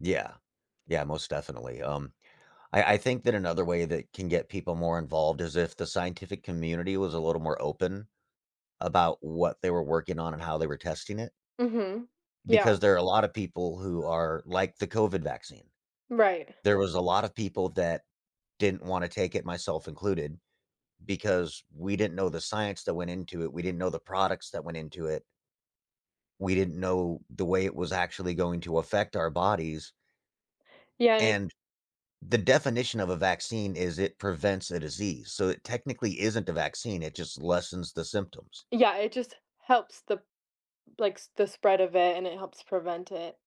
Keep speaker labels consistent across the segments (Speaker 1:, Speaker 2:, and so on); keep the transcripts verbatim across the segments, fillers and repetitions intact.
Speaker 1: Yeah yeah, most definitely, um I I think that another way that can get people more involved is if the scientific community was a little more open, about what they were working on, and how they were testing it
Speaker 2: Mhm, yeah.
Speaker 1: because there are a lot of people who are like, the COVID vaccine
Speaker 2: Right.
Speaker 1: there was a lot of people that didn't wanna take it, myself included, because we didn't know the science that went into it, we didn't know the products that went into it We didn't know the way it was actually going to affect our bodies
Speaker 2: Yeah, and it
Speaker 1: and the definition of a vaccine is it prevents a disease, so, it technically isn't a vaccine, it just lessens the symptoms.
Speaker 2: Yeah, it just helps the like, s the spread of it, and it helps prevent it.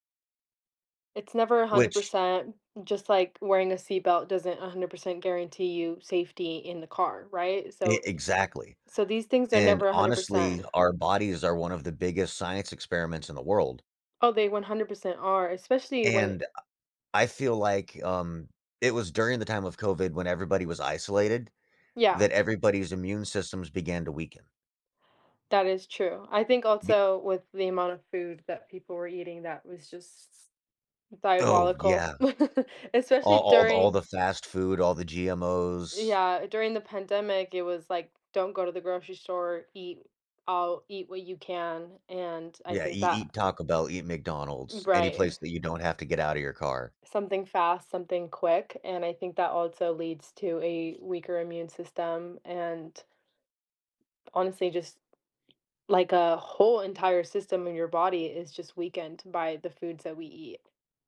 Speaker 2: It's never a hundred
Speaker 1: Which
Speaker 2: percent, just like wearing a seatbelt doesn't a hundred percent guarantee you safety in the car, right,
Speaker 1: E
Speaker 2: so, eh
Speaker 1: exactly,
Speaker 2: so, these things are
Speaker 1: and,
Speaker 2: never a hundred
Speaker 1: honestly,
Speaker 2: percent.
Speaker 1: our bodies are one of the biggest science experiments in the world.
Speaker 2: Oh, they one hundred percent are, especially when
Speaker 1: And, uh, I feel like um, it was during the time of COVID, when everybody was isolated,
Speaker 2: Yeah.
Speaker 1: that everybody's immune systems began to weaken.
Speaker 2: That is true. I think,
Speaker 1: Be
Speaker 2: also, with the amount of food that people were eating, that was just s s
Speaker 1: Oh,
Speaker 2: diabolical,
Speaker 1: yeah
Speaker 2: especially
Speaker 1: all all th all
Speaker 2: during
Speaker 1: the fast food, all the GMO's.
Speaker 2: Yeah, during the pandemic, it was, like, "Don't go to the grocery store," "Eat I'll eat what you can," and, I
Speaker 1: Yeah,
Speaker 2: think
Speaker 1: eat
Speaker 2: that
Speaker 1: eat Taco Bell, eat
Speaker 2: Mm,
Speaker 1: McDonald's, any
Speaker 2: right.
Speaker 1: place that you don't have to get outta your car.
Speaker 2: Something fast, something quick, and I think that also leads to a weaker immune system, and honestly, just like, a whole entire system in your body is just weakened by the foods that we eat.